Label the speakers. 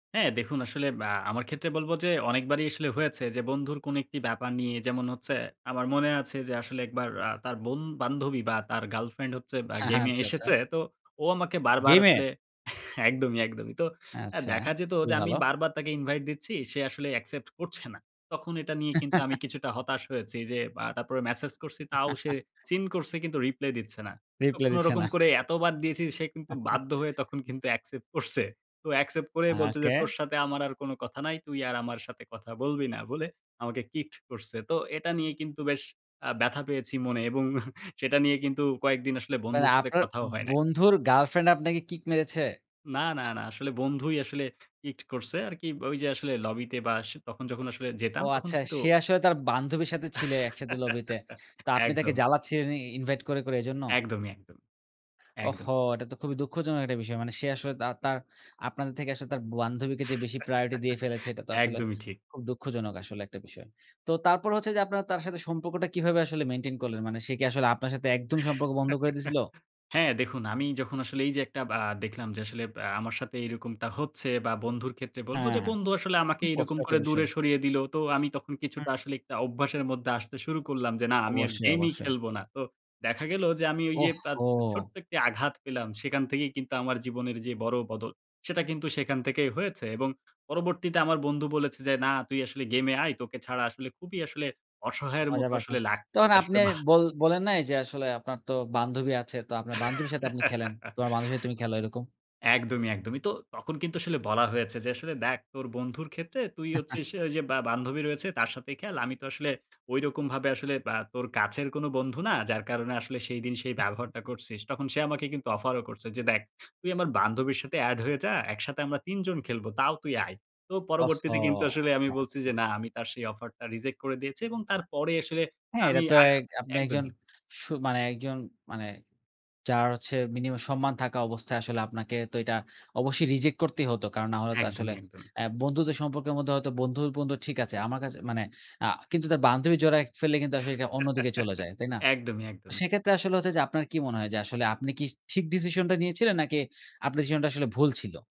Speaker 1: হ্যাঁ, দেখুন, আসলে আ আমার ক্ষেত্রে বলব যে অনেকবারই আসলে হয়েছে, যে বন্ধুর কোন একটি ব্যাপার নিয়ে, যেমন হচ্ছে, আমার মনে আছে যে আসলে একবার আ তার বন বান্ধবী বা তার গার্লফ্রেন্ড হচ্ছে ব্যা
Speaker 2: হ্যাঁ, হ্যাঁ,
Speaker 1: গেমে
Speaker 2: আচ্ছা, আচ্ছা।
Speaker 1: এসেছে। তো ও আমাকে বারবার
Speaker 2: গেমে?
Speaker 1: আসলে একদমই, একদমই। তো আ
Speaker 2: আচ্ছা,
Speaker 1: দেখা যেত
Speaker 2: খুবই
Speaker 1: যে আমি
Speaker 2: ভালো।
Speaker 1: বারবার তাকে ইনভাইট দিচ্ছি। সে আসলে অ্যাকসেপ্ট করছে না। তখন এটা নিয়ে কিন্তু আমি কিছুটা হতাশ হয়েছি। যে আ তারপরে মেসেজ করছি, তাও সে সিন করছে, কিন্তু রিপ্লে দিচ্ছে না। তো
Speaker 2: রিপ্লাই দিচ্ছে না।
Speaker 1: কোনরকম করে এতবার দিয়েছি, সে কিন্তু বাধ্য হয়ে তখন কিন্তু অ্যাকসেপ্ট করছে। তো অ্যাকসেপ্ট করে
Speaker 2: আ
Speaker 1: বলছে যে
Speaker 2: ওকে।
Speaker 1: তোর সাথে আমার আর কোন কথা নাই। তুই আর আমার সাথে কথা বলবি না, বলে আমাকে কিকড করছে। তো এটা নিয়ে কিন্তু বেশ আ ব্যথা পেয়েছি মনে, এবং সেটা নিয়ে কিন্তু কয়েকদিন আসলে
Speaker 2: মানে,
Speaker 1: বন্ধুর সাথে
Speaker 2: আপনার
Speaker 1: কথাও হয় নাই।
Speaker 2: বন্ধুর গার্লফ্রেন্ড আপনাকে কিক মেরেছে?
Speaker 1: না, না, না। আসলে বন্ধুই আসলে ইট করছে আরকি, ওই যে আসলে লবিতে বা আস তখন যখন আসলে
Speaker 2: ও
Speaker 1: যেতাম, তখন
Speaker 2: আচ্ছা,
Speaker 1: কিন্তু
Speaker 2: সে আসলে তার বান্ধবীর সাথে ছিল, একসাথে লবিতে। তো আপনি তাকে
Speaker 1: একদম।
Speaker 2: জ্বালাচ্ছিলেন ই ইনভাইট করে, করে, এজন্য?
Speaker 1: একদমই, একদমই। একদম।
Speaker 2: ওহো! এটা তো খুবই দুঃখজনক একটা বিষয়। মানে সে আসলে দা তার আপনাদের থেকে আসলে তার বান্ধবীকে যে বেশি প্রায়োরিটি দিয়ে ফেলেছে, এটা তো আসলে
Speaker 1: একদমই ঠিক।
Speaker 2: খুব দুঃখজনক আসলে একটা বিষয়। তো তারপর হচ্ছে যে আপনারা তার সাথে সম্পর্কটা কিভাবে আসলে মেইনটেইন করলেন? মানে সে কি আসলে আপনার সাথে একদমই সম্পর্ক বন্ধ করে দিছিলো?
Speaker 1: হ্যাঁ, দেখুন, আমি যখন আসলে এই যে একটা ব্যা দেখলাম যে আসলে আ আমার সাথে এইরকমটা হচ্ছে, বা বন্ধুর ক্ষেত্রে বলবো
Speaker 2: হ্যাঁ,
Speaker 1: যে
Speaker 2: হ্যাঁ।
Speaker 1: বন্ধু আসলে আমাকে
Speaker 2: খুব
Speaker 1: এরকম
Speaker 2: কষ্টর একটা
Speaker 1: করে দূরে
Speaker 2: বিষয়।
Speaker 1: সরিয়ে দিলো, তো আমি তখন
Speaker 2: হুম।
Speaker 1: কিছুটা আসলে একটা অভ্যাসের মধ্যে আসতে শুরু করলাম, যে না, আমি আর
Speaker 2: অবশ্যই,
Speaker 1: গেমই
Speaker 2: অবশ্যই।
Speaker 1: খেলবো না। তো দেখা গেলো যে আমি ওই যে
Speaker 2: ওহ
Speaker 1: আ
Speaker 2: হো!
Speaker 1: ছোট্ট একটি আঘাত পেলাম, সেখান থেকেই কিন্তু আমার জীবনের যে বড় বদল, সেটা কিন্তু সেখান থেকেই হয়েছে। এবং পরবর্তীতে আমার বন্ধু বলেছে যে না, তুই আসলে গেমে আয়, তোকে ছাড়া আসলে খুবই আসলে অসহায়ের
Speaker 2: মজা
Speaker 1: মতো
Speaker 2: পাচ্ছেন।
Speaker 1: আসলে লাগছে।
Speaker 2: তখন
Speaker 1: এটা
Speaker 2: আপনি
Speaker 1: আসলে ভা
Speaker 2: বল বলেন নাই যে আসলে আপনার তো বান্ধবী আছে। তো আপনার বান্ধবীর সাথে আপনি খেলেন। তোমার বান্ধবীর সাথে তুমি খেলো এরকম?
Speaker 1: একদমই, একদমই। তো তখন কিন্তু আসলে বলা হয়েছে যে আসলে দেখ, তোর বন্ধুর ক্ষেত্রে তুই হচ্ছিস, অ্যা ওই যে বা বান্ধবী রয়েছে, তার সাথেই খেল। আমি তো আসলে ঐরকম ভাবে আসলে আ তোর কাছের কোনো বন্ধু না। যার কারণে আসলে সেইদিন সেই ব্যবহারটা করছিস। তখন সে আমাকে কিন্তু অফারও করছে যে দেখ, তুই আমার বান্ধবীর সাথে এড হয়ে যা, একসাথে আমরা ৩ জন খেলব, তাও তুই আয়। তো
Speaker 2: ওহো!
Speaker 1: পরবর্তীতে কিন্তু আসলে আমি
Speaker 2: আচ্ছা,
Speaker 1: বলছি
Speaker 2: আচ্ছা।
Speaker 1: যে না, আমি তার সেই অফারটা রিজেক্ট করে দিয়েছি, এবং তারপরে আসলে
Speaker 2: হ্যাঁ,
Speaker 1: আমি
Speaker 2: এটা তো
Speaker 1: আ আ
Speaker 2: এক আপনি একজন
Speaker 1: একদমই।
Speaker 2: সু মানে একজন মানে যার হচ্ছে মিনিমাম সম্মান থাকা অবস্থায়, আসলে আপনাকে তো এইটা অবশ্যই রিজেক্ট করতেই হতো। কারণ না হলে তো আসলে
Speaker 1: একদমই, একদমই।
Speaker 2: অ্যা বন্ধুত্বের সম্পর্কের মধ্যে, হয়তো বন্ধুর বন্ধু ঠিক আছে। আমার কাছে মানে আ কিন্তু তার বান্ধবী জড়ায় ক ফেললে কিন্তু আসলে এটা অন্যদিকে চলে যায়। তাই না?
Speaker 1: একদমই, একদমই।
Speaker 2: সেক্ষেত্রে আসলে হচ্ছে যে আপনার কি মনে হয় যে আসলে আপনি কি ঠিক ডিসিশনটা নিয়েছিলেন, নাকি আপনার ডিসিশনটা আসলে ভুল ছিল?